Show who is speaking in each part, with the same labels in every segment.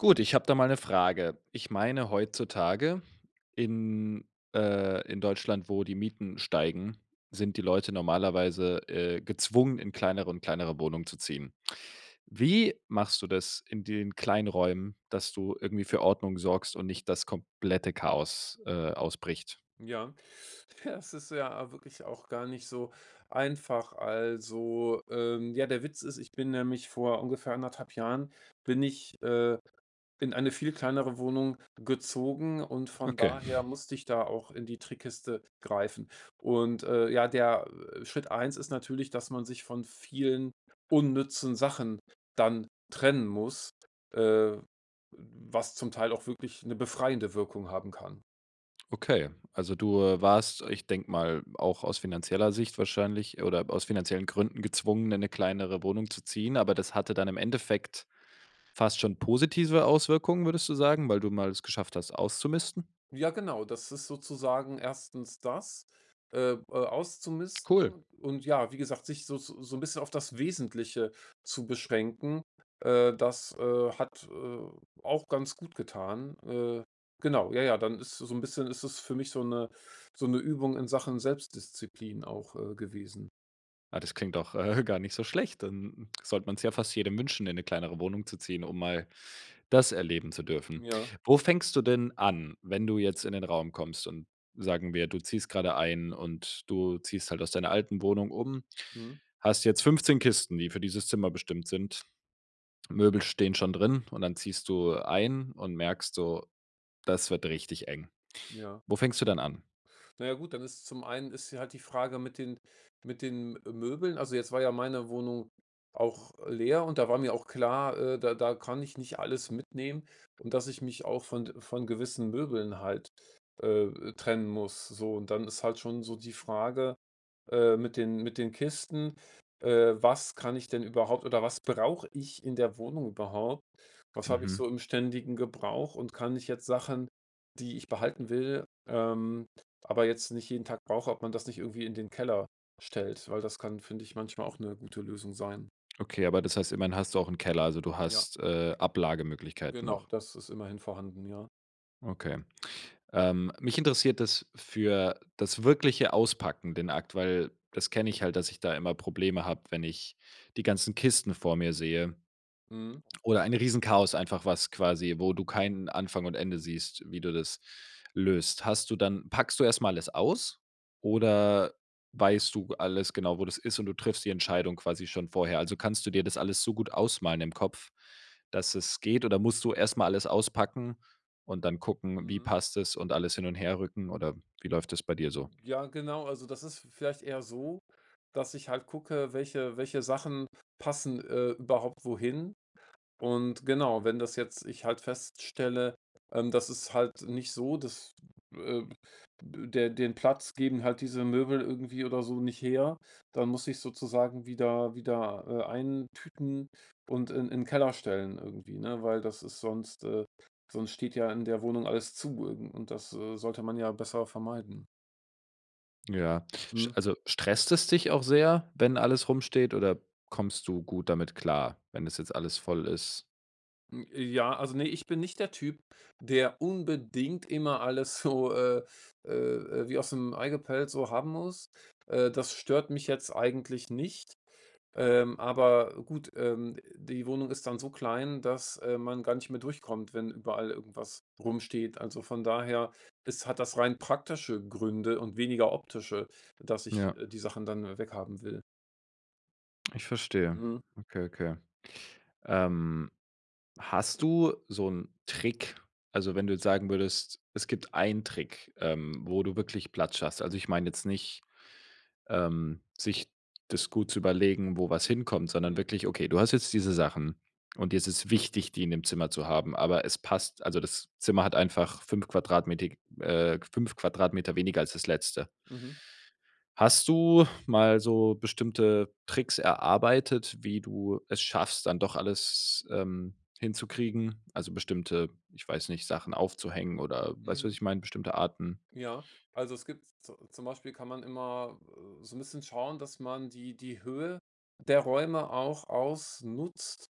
Speaker 1: Gut, ich habe da mal 'ne Frage. Ich
Speaker 2: Mhm.
Speaker 1: meine, heutzutage in, äh, in Deutschland, wo die Mieten steigen, sind die Leute normalerweise, äh, gezwungen, in kleineren in kleinere Wohnungen zu ziehen. Wie machst du das in den kleinen Räumen, dass du irgendwie für Ordnung sorgst und nicht das komplette Chaos, äh, ausbricht?
Speaker 2: Ja. Ja, es ist ja wirklich auch gar nicht so einfach. Also, ähm, ja, der Witz ist, ich bin nämlich vor ungefähr anderthalb Jahren bin ich, äh, in eine viel kleinere Wohnung gezogen und von
Speaker 1: Okay.
Speaker 2: daher musste ich da auch in die Trickkiste greifen. Und, äh, ja, der, äh, Schritt 1 ist natürlich, dass man sich von vielen unnützen Sachen dann trennen muss, äh, was zum Teil auch wirklich 'ne befreiende Wirkung haben kann.
Speaker 1: Okay, also du, äh, warst, ich denke mal, auch aus finanzieller Sicht wahrscheinlich oder aus finanziellen Gründen gezwungen, in 'ne kleinere Wohnung zu ziehen, aber das hatte dann im Endeffekt fast schon positive Auswirkungen, würdest du sagen, weil du mal es geschafft hast auszumisten?
Speaker 2: Ja, genau. Das ist sozusagen erstens das, äh äh,
Speaker 1: Cool.
Speaker 2: auszumisten und ja, wie gesagt, sich so so 'n bisschen auf das Wesentliche zu beschränken, äh, das, äh, hat, äh, auch ganz gut getan. Äh, genau. Ja, ja, dann ist so 'n bisschen ist das für mich so 'ne so 'ne Übung in Sachen Selbstdisziplin auch, äh, gewesen.
Speaker 1: Ah, das klingt doch, äh, gar nicht so schlecht, dann sollte man's ja fast jedem wünschen, in 'ne kleinere Wohnung zu ziehen, um mal das erleben zu
Speaker 2: Hm,
Speaker 1: dürfen.
Speaker 2: ja.
Speaker 1: Wo fängst du denn an, wenn du jetzt in 'nen Raum kommst und sagen wir, du ziehst gerade ein und du ziehst halt aus deiner alten Wohnung um,
Speaker 2: Mhm.
Speaker 1: hast jetzt 15 Kisten, die für dieses Zimmer bestimmt sind, Möbel stehen schon drin und dann ziehst du ein und merkst so, das wird richtig eng.
Speaker 2: Ja.
Speaker 1: Wo fängst du dann an?
Speaker 2: Na ja gut, dann ist's zum einen ist ja halt die Frage mit den mit den, äh, Möbeln, also jetzt war ja meine Wohnung auch leer und da war mir auch klar, äh, da da kann ich nicht alles mitnehmen und dass ich mich auch von von gewissen Möbeln halt, äh, trennen muss, so. Und, dann ist halt schon so die Frage, äh, mit den mit den Kisten, äh, was kann ich denn überhaupt oder was brauche ich in der Wohnung überhaupt? Was habe ich so
Speaker 1: Mhm.
Speaker 2: im ständigen Gebrauch und kann ich jetzt Sachen, die ich behalten will, ähm, aber jetzt nicht jeden Tag brauche, ob man das nicht irgendwie in den Keller stellt, weil das kann, finde ich, manchmal auch 'ne gute Lösung sein.
Speaker 1: Okay, aber das heißt, immerhin hast du auch 'n Keller, also du
Speaker 2: Ja.
Speaker 1: hast, äh, Ablagemöglichkeiten
Speaker 2: Genau,
Speaker 1: noch?
Speaker 2: das ist immerhin vorhanden, ja.
Speaker 1: Okay. Ähm, mich interessiert das für das wirkliche Auspacken den Akt, weil das kenne ich halt, dass ich da immer Probleme habe, wenn ich die ganzen Kisten vor mir sehe.
Speaker 2: Mhm.
Speaker 1: Oder ein riesen Chaos einfach was quasi wo du kein Anfang und Ende siehst, wie du das löst. Hast du dann packst du erst mal alles aus oder weißt du g alles genau, wo das ist und du triffst die Entscheidung quasi schon vorher? Also, kannst du dir das alles so gut ausmalen im Kopf, dass es geht oder musst du erst mal alles auspacken und dann gucken, wie
Speaker 2: Mhm.
Speaker 1: passt es und alles hin und her rücken oder wie läuft das bei dir so?
Speaker 2: Ja, genau. Also das ist v vielleicht eher so, dass ich halt gucke, welche welche Sachen passen, äh, überhaupt wohin. Und genau, wenn das jetzt ich halt feststelle, ähm, das ist halt nicht so, dass, äh der den Platz geben halt diese Möbel irgendwie oder so nicht her. Dann muss ich sozusagen wieder wieder, äh, eintüten und in in Keller stellen irgendwie, ne, weil das ist sonst, äh sonst steht ja in der Wohnung alles zu und das, äh, sollte man ja besser vermeiden.
Speaker 1: Ja, sch
Speaker 2: Mhm.
Speaker 1: also stresst es dich auch sehr, wenn alles rumsteht oder kommst du gut damit klar, wenn es jetzt alles voll ist?
Speaker 2: Hm, äh, ja also, ne, ich bin nicht der Typ, der unbedingt immer alles so äh äh äh, wie aus dem Ei gepellt so haben muss. Äh, das stört mich jetzt eigentlich nicht, ähm, aber gut, ähm, die Wohnung ist dann so klein, dass, äh, man gar nicht mehr durchkommt, wenn überall irgendwas rumsteht. Also, von daher ist hat das rein praktische Gründe und weniger optische, dass ich,
Speaker 1: Ja.
Speaker 2: äh, die Sachen dann weghaben will.
Speaker 1: Ich verstehe.
Speaker 2: Mhm.
Speaker 1: Okay, okay. Ähm, hast du so 'n Trick, also, wenn du jetzt sagen würdest, es gibt einen Trick, ähm, wo du wirklich Platz schaffst also, ich meine jetzt nicht, ähm, sich das gut zu überlegen, wo was hinkommt, sondern
Speaker 2: Mhm.
Speaker 1: wirklich, okay, du hast jetzt diese Sachen und dir ist es wichtig, die in dem Zimmer zu haben, aber es passt also, das Zimmer hat einfach 5 qm, äh, k 5 qm weniger als das Letzte.
Speaker 2: Mhm.
Speaker 1: Hast du mal so bestimmte Tricks erarbeitet, wie du es schaffst, dann doch alles, ähm, hinzukriegen, also bestimmte, ich weiß nicht, Sachen aufzuhängen, oder weißt du, was
Speaker 2: Mhm.
Speaker 1: ich meine, bestimmte Arten
Speaker 2: Ja, also es gibt, z zu zum Beispiel kann man immer so 'n bisschen schauen, dass man die die Höhe der Räume auch ausnutzt.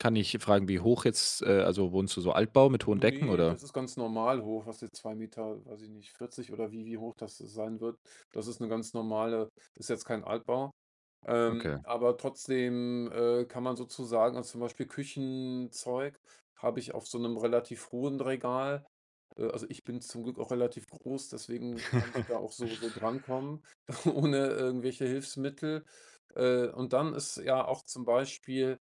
Speaker 1: Kann ich fragen, wie hoch jetzt äh, also, wohnst du so Altbau mit hohen Decken,
Speaker 2: Ne,
Speaker 1: oder?
Speaker 2: das ist ganz normal hoch, was sind 2 Meter, weiß ich nicht, 40 oder wie wie hoch das sein wird. Das ist 'ne ganz normale ist jetzt kein Altbau. Ähm,
Speaker 1: Okay.
Speaker 2: aber trotzdem, äh, kann man sozusagen also zum Beispiel Küchenzeug habe ich auf so 'nem relativ hohen Regal. Äh, also ich bin zum Glück auch relativ groß, deswegen kann ich da auch so so drankommen, ohne irgendwelche Hilfsmittel. Äh, und dann ist ja auch zum Beispiel,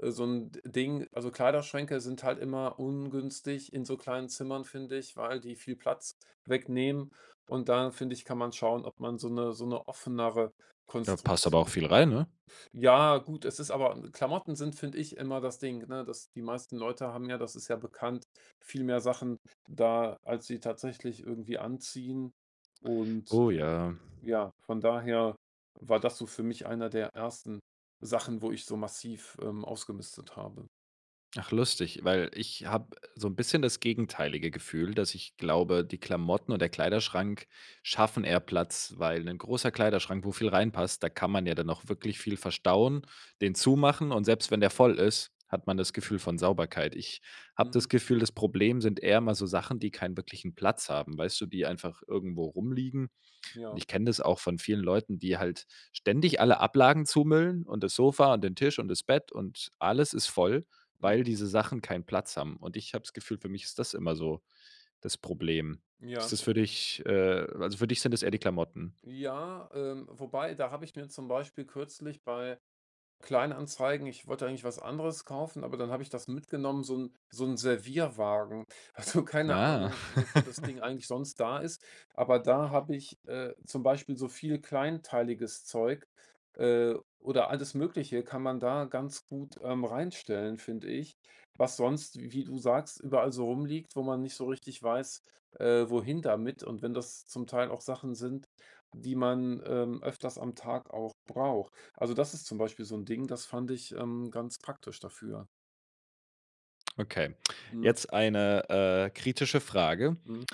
Speaker 2: äh, so 'n Ding also, Kleiderschränke sind halt immer ungünstig in so kleinen Zimmern, finde ich, weil die viel Platz wegnehmen. Und da, finde ich, kann man schauen, ob man so 'ne so 'ne offenere
Speaker 1: Da passt aber auch
Speaker 2: Konstruktion
Speaker 1: viel rein, ne?
Speaker 2: ja, gut, es ist aber Klamotten sind, finde ich, immer das Ding, ne dass die meisten Leute haben ja, das ist ja bekannt, viel mehr Sachen da, als sie tatsächlich irgendwie anziehen und
Speaker 1: Oh ja.
Speaker 2: ja, von daher war das so für mich einer der ersten Sachen, wo ich so massiv, ähm, ausgemistet habe.
Speaker 1: Ach lustig, weil ich habe so 'n bisschen das gegenteilige Gefühl, dass ich glaube, die Klamotten und der Kleiderschrank schaffen eher Platz, weil 'nen großer Kleiderschrank, wo viel reinpasst, da kann man ja dann auch wirklich viel verstauen, den zumachen und selbst wenn der voll ist, hat man das Gefühl von Sauberkeit. Ich habe das
Speaker 2: Mhm.
Speaker 1: Gefühl, das Problem sind eher immer so Sachen, die keinen wirklichen Platz haben, weißt du, die einfach irgendwo rumliegen. Und
Speaker 2: Ja.
Speaker 1: ich kenne das auch von vielen Leuten, die halt ständig alle Ablagen zumüllen und das Sofa und den Tisch und das Bett und alles ist voll, weil
Speaker 2: Mhm.
Speaker 1: diese Sachen keinen Platz haben. Und ich habe das Gefühl, für mich ist das immer so das Problem. Ist
Speaker 2: Ja.
Speaker 1: das für dich, äh also, für dich sind das eher die Klamotten?
Speaker 2: Ja, ähm, wobei, da habe ich mir zum Beispiel kürzlich bei Kleinanzeigen ich wollte eigentlich was anderes kaufen, aber dann habe ich das mitgenommen, so 'n so 'n Servierwagen. Also, keine
Speaker 1: Ah.
Speaker 2: Ahnung, wofür das Ding eigentlich sonst da ist, aber da habe ich, äh, zum Beispiel so viel kleinteiliges Zeug, äh, oder alles Mögliche kann man da ganz gut, ähm, reinstellen, finde ich. Was sonst, wie du sagst, überall so rumliegt, wo man nicht so richtig weiß, äh, wohin damit und wenn das zum Teil auch Sachen sind, die man, ähm, öfters am Tag auch braucht. Also, das ist zum Beispiel so 'n Ding, das fand ich, ähm, ganz praktisch dafür.
Speaker 1: Okay,
Speaker 2: Mhm.
Speaker 1: jetzt eine, äh, kritische Frage.
Speaker 2: Mhm.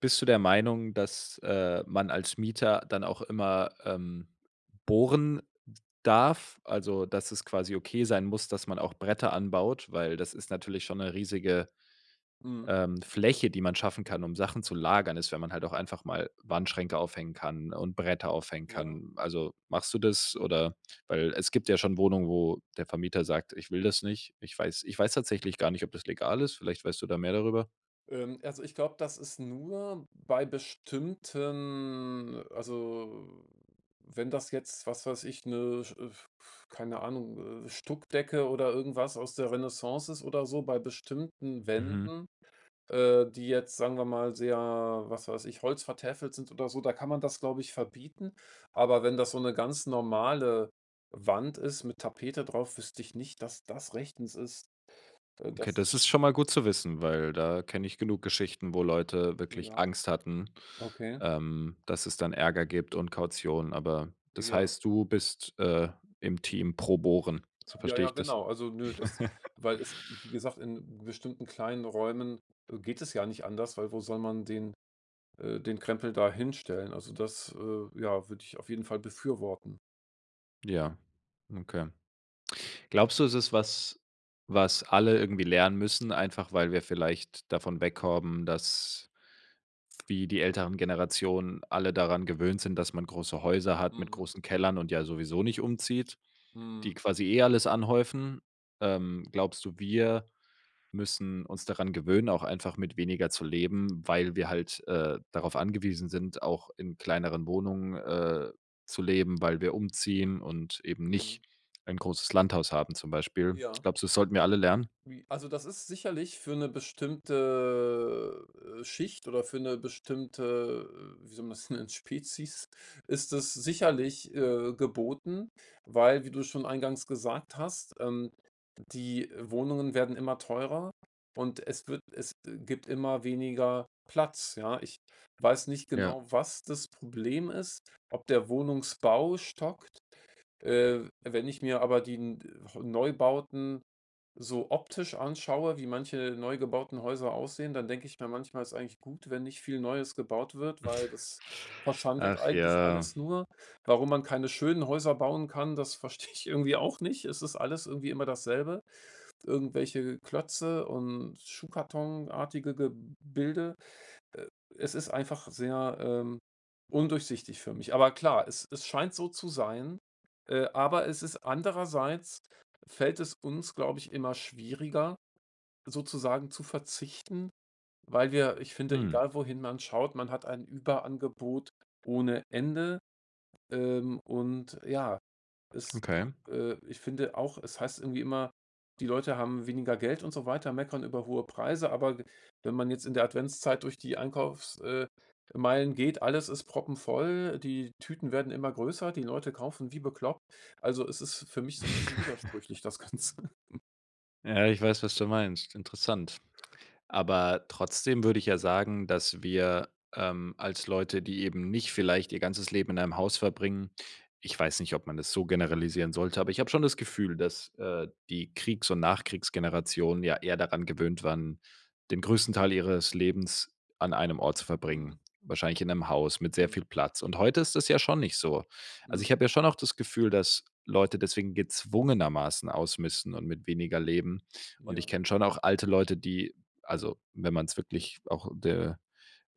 Speaker 1: Bist du der Meinung, dass, äh, man als Mieter dann auch immer, ähm, bohren darf? Also, dass es quasi okay sein muss, dass man auch Bretter anbaut, weil das ist natürlich schon 'ne riesige,
Speaker 2: Mhm.
Speaker 1: ähm, Fläche, die man schaffen kann um Sachen zu lagern, ist, wenn man halt auch einfach mal Wandschränke aufhängen kann und Bretter aufhängen
Speaker 2: Ja.
Speaker 1: kann. Also, machst du das oder weil es gibt ja schon Wohnungen, wo der Vermieter sagt, ich will das nicht, ich weiß ich weiß tatsächlich gar nicht, ob das legal ist, vielleicht weißt du da mehr darüber?
Speaker 2: Ähm, also ich glaube, das ist nur bei bestimmten also, wenn das jetzt, was weiß ich, ne, sch f f keine Ahnung, äh, Stuckdecke oder irgendwas aus der Renaissance ist oder so, bei bestimmten
Speaker 1: Mhm.
Speaker 2: Wänden, äh, die jetzt, sagen wir mal, sehr, was weiß ich, holzvertäfelt sind oder so, da kann man das, glaube ich, verbieten. Aber wenn das so 'ne ganz normale Wand ist mit Tapete drauf, wüsste ich nicht, dass das rechtens ist, d
Speaker 1: Okay,
Speaker 2: das
Speaker 1: das
Speaker 2: zu
Speaker 1: ist schon mal gut zu wissen, weil da kenne ich genug Geschichten, wo Leute wirklich
Speaker 2: Ja,
Speaker 1: Angst hatten,
Speaker 2: okay.
Speaker 1: ähm, dass es dann Ärger gibt und Kaution, aber das
Speaker 2: Ja.
Speaker 1: heißt, du bist, äh, im Team pro bohren, so
Speaker 2: Ja,
Speaker 1: verstehe
Speaker 2: ja,
Speaker 1: ich das?
Speaker 2: genau. Also nö, das weil es, wie gesagt, in bestimmten kleinen Räumen, äh, geht es ja nicht anders, weil wo soll man den äh, den Krempel da hinstellen? Also das, äh, ja, würde ich auf jeden Fall befürworten.
Speaker 1: Ja, okay. Glaubst du, es ist was, was alle irgendwie lernen müssen, einfach weil wir vielleicht davon weg kommen, dass, wie die älteren Generationen alle daran gewöhnt sind, dass man große Häuser hat mit
Speaker 2: Mhm.
Speaker 1: großen Kellern und ja sowieso nicht umzieht, die
Speaker 2: Mhm.
Speaker 1: quasi eh alles anhäufen? Ähm, glaubst du, wir müssen uns daran gewöhnen, auch einfach mit weniger zu leben, weil wir halt, äh, darauf angewiesen sind, auch in kleineren Wohnungen, äh, zu leben, weil wir umziehen und eben
Speaker 2: Mhm.
Speaker 1: nicht ein großes Landhaus haben zum Beispiel?
Speaker 2: Ja.
Speaker 1: Glaubst du, es sollten wir alle lernen?
Speaker 2: Wie also, das ist sicherlich für 'ne bestimmte Schicht oder für 'ne bestimmte, wie soll man es nennen, Spezies, ist es sicherlich, äh, geboten, weil, wie du schon eingangs gesagt hast, ähm, die Wohnungen werden immer teurer und es wird es e gibt immer weniger Platz, ja? Ich weiß nicht
Speaker 1: Ja.
Speaker 2: genau, was das Problem ist, ob der Wohnungsbau stockt. Äh, wenn ich mir aber die n de heu Neubauten so optisch anschaue, wie manche neu gebauten Häuser aussehen, dann denke ich mir manchmal, ist eigentlich gut, wenn nicht viel Neues gebaut wird, weil das verschandelt
Speaker 1: Ach
Speaker 2: eigentlich
Speaker 1: ja.
Speaker 2: alles nur. Warum man keine schönen Häuser bauen kann, das verstehe ich irgendwie auch nicht. Es ist alles irgendwie immer dasselbe, irgendwelche Klötze und schuhkartonartige Gebilde. Äh, es ist einfach sehr, ähm, undurchsichtig für mich. Aber klar, es es scheint so zu sein, äh, aber es ist andererseits, fällt es uns, glaube ich, immer schwieriger sozusagen zu verzichten, weil wir, ich finde,
Speaker 1: Hm.
Speaker 2: egal wohin man schaut, man hat ein Überangebot ohne Ende, ähm, und ja, es
Speaker 1: Okay.
Speaker 2: a äh, ich finde auch, es heißt irgendwie immer, die Leute haben weniger Geld und so weiter, meckern über hohe Preise, aber we wenn man jetzt in der Adventszeit durch die Einkaufs äh, Meilen geht, alles ist proppenvoll. Die Tüten werden immer größer, die Leute kaufen wie bekloppt. Also, es ist für mich so 'n bisschen widersprüchlich, das Ganze.
Speaker 1: Ja, ich weiß, was du meinst. Interessant. Aber trotzdem würde ich ja sagen, dass wir, ähm, als Leute, die eben nicht vielleicht ihr ganzes Leben in einem Haus verbringen ich weiß nicht, ob man das so generalisieren sollte, aber ich habe schon das Gefühl, dass, äh, die Kriegs und Nachkriegsgeneration ja eher daran gewöhnt waren, den größten Teil ihres Lebens an einem Ort zu verbringen,
Speaker 2: Mhm.
Speaker 1: wahrscheinlich in 'nem Haus mit sehr
Speaker 2: Mhm.
Speaker 1: viel Platz. Und heute ist das ja schon nicht so. Also, ich
Speaker 2: Mhm.
Speaker 1: habe ja schon auch das Gefühl, dass Leute deswegen gezwungenermaßen ausmisten und mit weniger leben und ich
Speaker 2: Ja.
Speaker 1: kenne schon auch alte Leute, die also, wenn man's wirklich auch de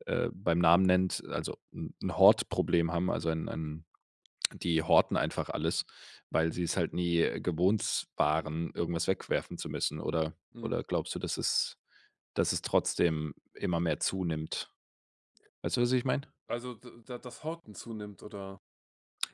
Speaker 1: äh, beim Namen nennt, also 'n 'n Hortproblem haben, also ein ein die horten einfach alles, weil sie es halt nie gewohnts
Speaker 2: Mhm.
Speaker 1: waren, irgendwas wegwerfen zu müssen oder
Speaker 2: Mhm.
Speaker 1: oder glaubst du, dass es dass es trotzdem immer mehr zunimmt? Weißt du,
Speaker 2: Äh,
Speaker 1: was ich meine?
Speaker 2: also, d da das Horten zunimmt, oder?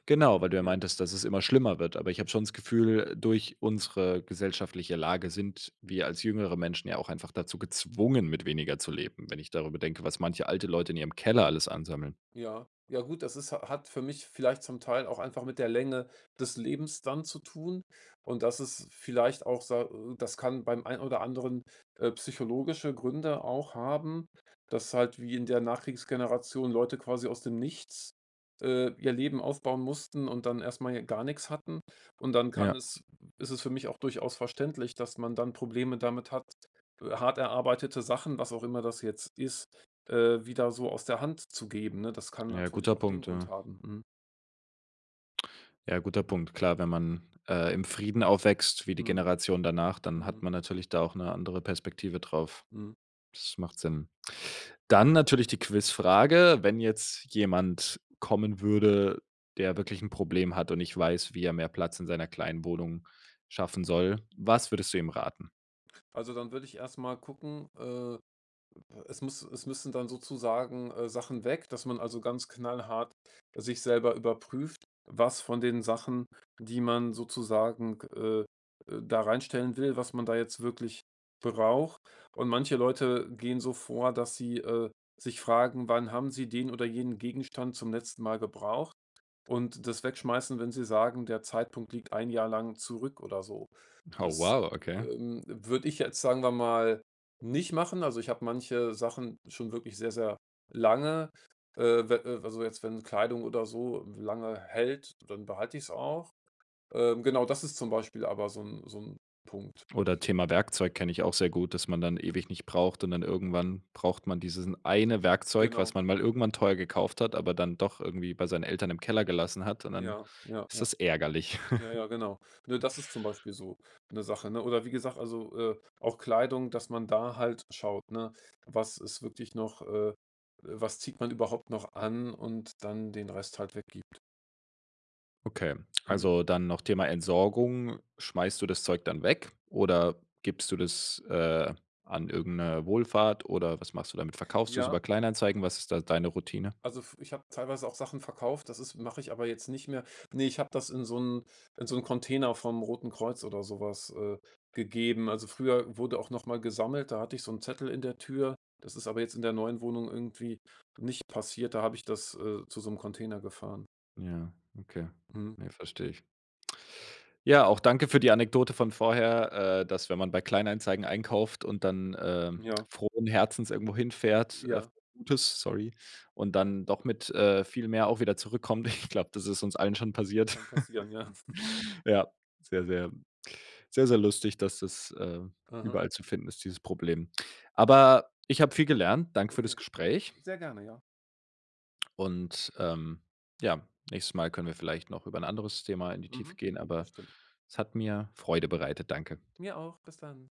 Speaker 1: Genau, weil du ja
Speaker 2: Ja.
Speaker 1: meintest, dass es immer schlimmer wird, aber ich habe schon das Gefühl, durch unsere gesellschaftliche Lage sind wir als jüngere Menschen ja auch einfach dazu gezwungen, mit weniger zu leben, wenn ich darüber denke, was manche alte Leute in ihrem Keller alles ansammeln.
Speaker 2: Ja. Ja, gut, das ist ha hat für mich vielleicht zum Teil auch einfach mit der Länge des Lebens dann zu tun. Und das ist vielleicht auch, sa äh, das kann beim ein oder anderen, äh, psychologische Gründe auch haben, dass halt wie in der Nachkriegsgeneration Leute quasi aus dem Nichts, äh, ihr Leben aufbauen mussten und dann erst mal hier gar nix hatten. Und dann
Speaker 1: Ja.
Speaker 2: kann es ist es für mich auch durchaus verständlich, dass man dann Probleme damit hat, hart erarbeitete Sachen, was auch immer das jetzt ist, äh, wieder so aus der Hand zu geben, ne? Das kann
Speaker 1: Ja,
Speaker 2: natürlich
Speaker 1: guter
Speaker 2: auch den
Speaker 1: Punkt,
Speaker 2: Grund
Speaker 1: ja.
Speaker 2: haben, mhm.
Speaker 1: Ja, guter Punkt. Klar, wenn man, äh, im Frieden aufwächst, wie die
Speaker 2: Mhm,
Speaker 1: Generation danach, dann hat
Speaker 2: mhm.
Speaker 1: man natürlich da auch 'ne andere Perspektive drauf.
Speaker 2: Mhm.
Speaker 1: Das macht Sinn. Dann natürlich die Quizfrage: Wenn jetzt jemand kommen würde, der wirklich 'n Problem hat und nicht weiß, wie er mehr Platz in seiner kleinen Wohnung schaffen soll, was würdest du ihm raten?
Speaker 2: Also, dann würde ich erst mal gucken, äh, es müss es müssen dann sozusagen, äh, Sachen weg, dass man also ganz knallhart sich selber überprüft, was von den Sachen, die man sozusagen, äh, äh, da reinstellen will, was man da jetzt wirklich braucht. Und manche Leute gehen so vor, dass sie, äh, sich fragen, wann haben sie den oder jenen Gegenstand zum letzten Mal gebraucht? Und das wegschmeißen, wenn sie sagen, der Zeitpunkt liegt 1 Jahr lang zurück oder so.
Speaker 1: Oh,
Speaker 2: Das,
Speaker 1: wow, okay.
Speaker 2: ähm, würde ich jetzt, sagen wir mal, nicht machen. Also, ich habe manche Sachen schon wirklich sehr, sehr lange. Äh, we also jetzt, wenn Kleidung oder so lange hält, dann behalte ich es auch. Ähm, genau, das ist zum Beispiel aber so 'n so 'n Punkt, wo ich
Speaker 1: Oder Thema Werkzeug, kenne ich auch sehr gut, dass man dann ewig nicht braucht und dann irgendwann braucht man diesen 1 Werkzeug, was
Speaker 2: Genau.
Speaker 1: man mal irgendwann teuer gekauft hat, aber dann doch irgendwie bei seinen Eltern im Keller gelassen hat, und dann
Speaker 2: Ja, ja,
Speaker 1: ist
Speaker 2: ja.
Speaker 1: das ärgerlich.
Speaker 2: Ja, ja, genau. Ne, das ist zum Beispiel so 'ne Sache, ne? Oder wie gesagt, also, äh, auch Kleidung, dass man da halt schaut, ne, was ist wirklich noch, äh, äh, was zieht man überhaupt noch an und dann den Rest halt weggibt.
Speaker 1: Okay,
Speaker 2: Hm.
Speaker 1: also, dann noch Thema Entsorgung: Schmeißt du das Zeug dann weg oder gibst du das, äh, an irgendeine Wohlfahrt oder was machst du damit? Verkaufst du es
Speaker 2: Ja
Speaker 1: über Kleinanzeigen? Was ist da deine Routine?
Speaker 2: also, f ich habe teilweise auch Sachen verkauft, das ist mache ich aber jetzt nicht mehr. Ne, ich habe das in so 'n in so 'n Container vom Roten Kreuz oder so was, äh, gegeben. Also, früher wurde auch noch mal gesammelt, da hatte ich so 'n Zettel in der Tür, das ist aber jetzt in der neuen Wohnung irgendwie nicht passiert, da habe ich das, äh, zu so 'nem Container gefahren.
Speaker 1: Ja, okay.
Speaker 2: Mhm.
Speaker 1: Ne, verstehe ich. Ja, auch danke für die Anekdote von vorher, äh, dass, wenn man bei Kleinanzeigen einkauft und dann, ähm,
Speaker 2: Ja.
Speaker 1: frohen Herzens irgendwo hinfährt
Speaker 2: Ja.
Speaker 1: [unintelligible] gutes, ähm, sorry, und dann doch mit, äh, viel mehr auch wieder zurückkommt. Ich glaube, das ist uns allen schon passiert.
Speaker 2: Kann passieren, ja.
Speaker 1: Ja, sehr, sehr sehr, sehr lustig, dass das, ähm,
Speaker 2: Aha.
Speaker 1: überall zu finden ist, dieses Problem. Aber ich habe viel gelernt. Danke für das
Speaker 2: Okay,
Speaker 1: Gespräch.
Speaker 2: Sehr gerne, ja.
Speaker 1: Und, ähm, ja, nächstes Mal können wir vielleicht noch über 'n anderes Thema in die Tiefe
Speaker 2: Mhm.
Speaker 1: gehen, aber
Speaker 2: Bestimmt.
Speaker 1: es hat mir Freude bereitet. Danke.
Speaker 2: Mir auch. Bis dann.